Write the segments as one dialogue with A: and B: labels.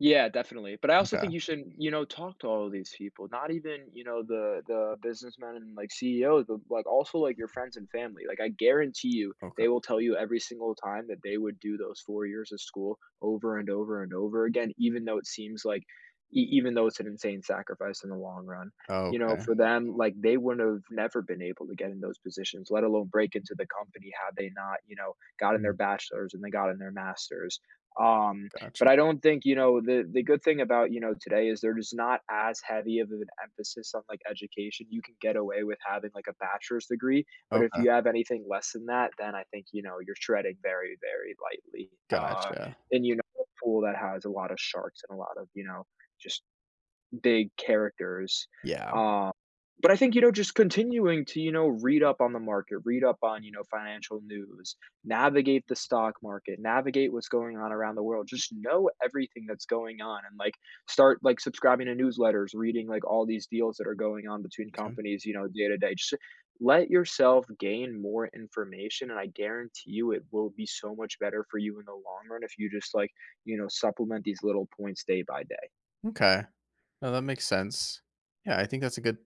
A: Yeah, definitely, but I also think
B: M'kay.
A: you should, you know, talk to all of these people, not even, you know, the the businessmen, and, like, CEOs, but, like, also, like, your friends and family. Like, I guarantee you,
B: Okay.
A: they will tell you every single time, that they would do those 4 years of school over and over and over again, even though it seems like e even though it's an insane sacrifice in the long run. You know,
B: Okay.
A: for them, like, they wouldn't of never been able to get in those positions, let alone break into the company, had they not, you know, gotten their
B: Mm.
A: bachelor's, and then gotten their master's. Um, but
B: Gotcha.
A: I don't think, you know the the good thing about, you know, today is there is not as heavy of an emphasis on, like, education, you can get away with having, like, a bachelor's degree, but if
B: Okay.
A: you have anything less than that, then I think, you know, you're treading very, very lightly. Uh,
B: Gotcha.
A: and you're in a [unintelligible] pool that has a lot of sharks and a lot of, you know, just big characters.
B: Yeah.
A: Uh, but I think, you know, just continuing to, you know, read up on the market, read up on, you know, financial news, navigate the stock market, navigate what's going on around the world, just know everything that's going on, and, like, start, like, subscribing to newsletters, reading, like, all these deals that are going on between
B: 'Kay.
A: companies, you know, day to day. Just let yourself gain more information and I guarantee you, it will be so much better for you in the long run if you just, like, you know, supplement these little points day by day.
B: M'kay. No, that makes sense. Yeah, I think that's a good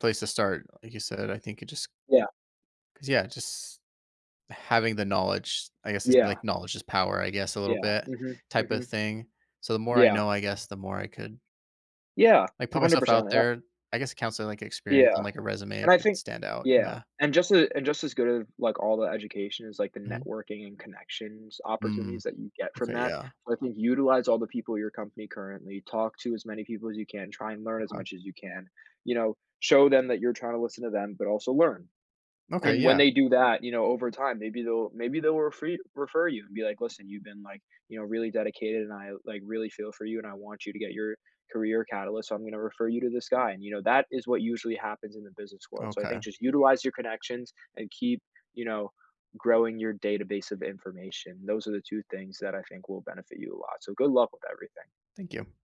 B: place to start. Like you said, I think you just
A: Yeah.
B: 'Cause, yeah, just having the knowledge, I guess is, like,
A: Yeah.
B: knowledge is power, I guess, a little
A: Yeah.
B: bit,
A: Mhm,
B: type of
A: mhm.
B: thing. So the more I
A: Yeah.
B: know, I guess, the more I could
A: Yeah.
B: like,
A: a
B: put
A: hundred
B: myself
A: percent,
B: out
A: yep.
B: there. I guess counseling, like, experience
A: Yeah.
B: on, like, a resume
A: And I
B: could
A: think
B: stand out,
A: yeah.
B: yeah.
A: And just a just as good as, like, all the education, is, like, the
B: Mhm.
A: networking and connections opportunities
B: Mm.
A: that you get from
B: Okay,
A: that,
B: yeah.
A: so I think utilize all the people at your company currently, talk to as many people as you can, try and learn as
B: Okay.
A: much as you can, you know, show them that you're trying to listen to them, but also learn.
B: Okay,
A: And when
B: yeah.
A: they do that, you know, over time, maybe they'll maybe they'll refer y refer you, and be like, "Listen, you've been, like, you know, really dedicated, and I, like, really feel for you, and I want you to get your career catalyst, so I'm gonna refer you to this guy," and you know, that is what usually happens in the business world, so I
B: Okay.
A: think just utilize your connections, and keep, you know, growing your database of information. Those are the 2 things that I think will benefit you a lot, so good luck with everything.
B: Thank you.